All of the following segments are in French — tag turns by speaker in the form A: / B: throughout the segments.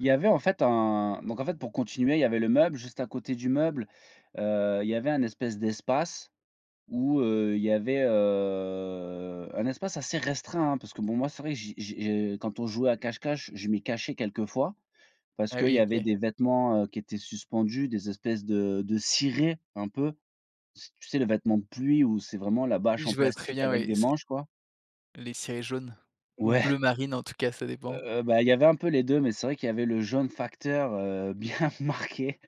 A: Il y avait en fait un donc en fait pour continuer il y avait le meuble. Juste à côté du meuble, heu, il y avait un espèce d'espace où, heu, il y avait, heu, un espace assez restreint, hein, parce que bon moi c'est vrai que j'y j'y je quand on jouait à cache-cache, je m'y cachais quelquefois. Parce
B: Ah
A: qu'il y
B: oui
A: avait
B: OK.
A: des vêtements, heu, qui étaient suspendus, des espèces de de cirés un peu, s tu sais les vêtements de pluie où c'est vraiment la bâche
B: Oui
A: en
B: je vois très
A: plastique
B: bien
A: avec
B: oui,
A: des
B: c'est
A: manches quoi.
B: les cirés jaunes. Ou
A: Ouais.
B: bleu marine en tout cas ça dépend.
A: Heu, heu, bah, il y avait un peu les 2, mais c'est vrai qu'il y avait le jaune facteur, heu, bien marqué,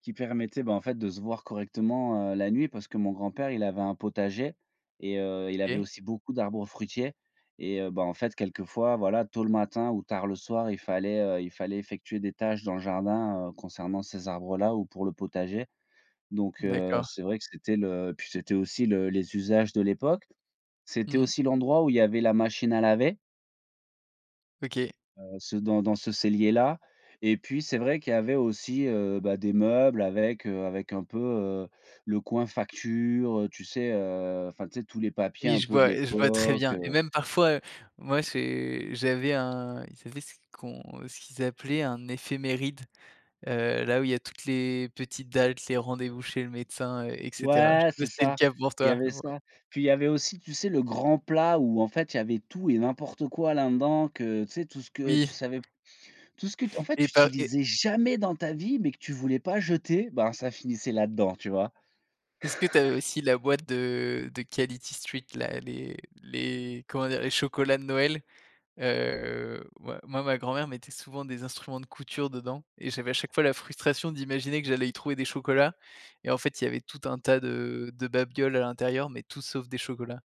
A: qui permettait ben, en fait de se voir correctement, heu, la nuit. Parce que mon grand-père il avait un potager et heu, il avait
B: OK.
A: aussi beaucoup d'arbres fruitiers et heu, ben, en fait quelquefois, voilà, tôt le matin ou tard le soir il fallait, heu, il fallait effectuer des tâches dans le jardin, heu, concernant ces arbres-là ou pour le potager. Donc, heu,
B: D'accord.
A: c'est vrai que c'était le puis c'était aussi le les usages de l'époque. C'était
B: Mmh.
A: aussi l'endroit où il y avait la machine à laver
B: OK.
A: heu, ce dans dans ce cellier là et puis c'est vrai qu'il y avait aussi, heu, bah, des meubles avec, heu, avec un peu, heu, le coin facture, heu, tu sais? Heu, enfin tu sais tous les papiers
B: Oui,
A: un
B: je
A: peu de
B: vois et je vois très
A: l'époque,
B: bien et
A: heu
B: même parfois, heu, moi j'ai j'avais un ils avaient ce qu'on ce qu'ils appelaient un éphéméride. Heu, là où il y a toutes les petites dates, les rendez-vous chez le médecin, heu, et cetera. Je
A: Ouais,
B: sais pas
A: c'est
B: si c'était le
A: ça,
B: cas pour
A: il y
B: toi.
A: avait
B: Ou heu
A: ça. Puis il y avait aussi, tu sais? Le grand plat où en fait il y avait tout et n'importe quoi là dedans, que tu sais, tout ce que
B: Oui.
A: tu savais p tout ce que t en fait
B: Et
A: tu
B: pas et
A: utilisais jamais dans ta vie, mais que tu voulais pas jeter, ben, ça finissait là-dedans, tu vois?
B: Est-ce que tu as eu aussi la boîte de de Quality Street, la les les comment dire? Les chocolats de Noël. Heu, moi moi ma grand-mère mettait souvent des instruments de couture dedans et j'avais à chaque fois la frustration d'imaginer que j'allais y trouver des chocolats et en fait il y avait tout un tas de de babioles à l'intérieur mais tout sauf des chocolats.